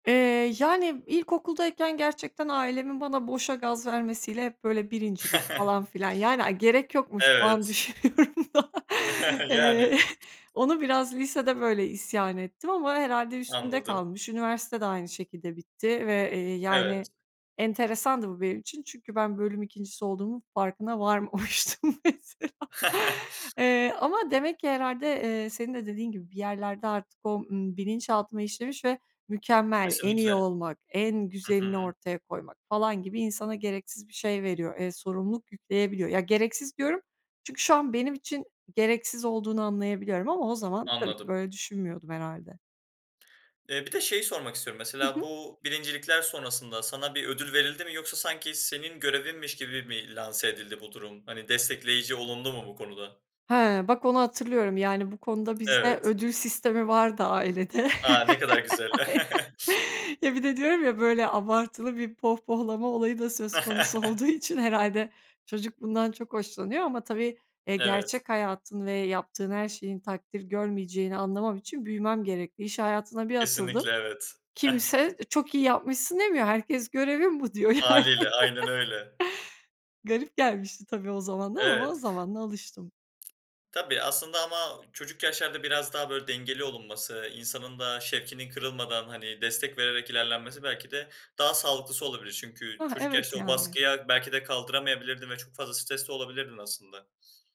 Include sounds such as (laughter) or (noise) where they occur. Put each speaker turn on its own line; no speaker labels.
Eee, yani ilkokuldayken gerçekten ailemin bana boşa gaz vermesiyle hep böyle birincilik, falan
(chuckles)
filan, yani ay gerek yokmuş şu an
Evet.
düşünüyorum da.
(chuckles) Yani.
Eee, onu biraz lisede böyle isyan ettim ama herhâlde üstümde
Anladım.
kalmış. Üniversite de aynı şekilde bitti ve, eee,
Evet.
yani enteresandı bu benim için. Çünkü ben bölüm ikincisi olduğumun farkına varmamıştım mesela.
(chuckles)
Eee, ama demek ki herhâlde, eee, senin de dediğin gibi bir yerlerde artık o, ııı, bilinçaltıma işlemiş ve mükemmel, en iyi
Kesinlikle.
olmak, en
Hı
güzelini
hı.
ortaya koymak falan gibi insana gereksiz bir şey veriyor, eee, sorumluluk yükleyebiliyor. Ya, gereksiz diyorum çünkü şu an benim için gereksiz olduğunu anlayabiliyorum ama o zaman tabii ki
Anladım.
böyle düşünmüyordum herhâlde.
Eee, bir de şeyi sormak istiyorum
Hı
mesela,
hı.
bu birincilikler sonrasında sana bir ödül verildi mi yoksa sanki senin görevinmiş gibi mi lanse edildi bu durum? Hani destekleyici olundu mu bu konuda?
Hee, bak onu hatırlıyorum. Yani bu konuda bizde
Evet.
ödül sistemi vardı ailede.
A, ne kadar güzel.
(chuckles)
(chuckles)
Ya bir de diyorum ya böyle abartılı bir pohpohlama olayı da söz konusu olduğu
(chuckles)
için, herhâlde çocuk bundan çok hoşlanıyor ama tabii, eee,
Evet.
gerçek hayatın ve yaptığın her şeyin takdir görmeyeceğini anlamam için büyümem gerekli. İş hayatına bir atıldım.
Kesinlikle, evet, ah.
Kimse çok iyi yapmışsın demiyor. Herkes görevin bu diyor yani.
Hâliyle aynen öyle.
(chuckles) Garip gelmişti tabii o zamandan ama o
Evet.
zamanla alıştım.
Tabii, aslında ama çocuk yaşlarda biraz daha böyle dengeli olunması, insanın da şevkinin kırılmadan, hani destek vererek ilerlenmesi belki de daha sağlıklısı olabilir. Çünkü
Hıh,
çocuk
evet
yaşta o
yani.
baskıya belki de kaldıramayabilirdin ve çok fazla stres de olabilirdin aslında.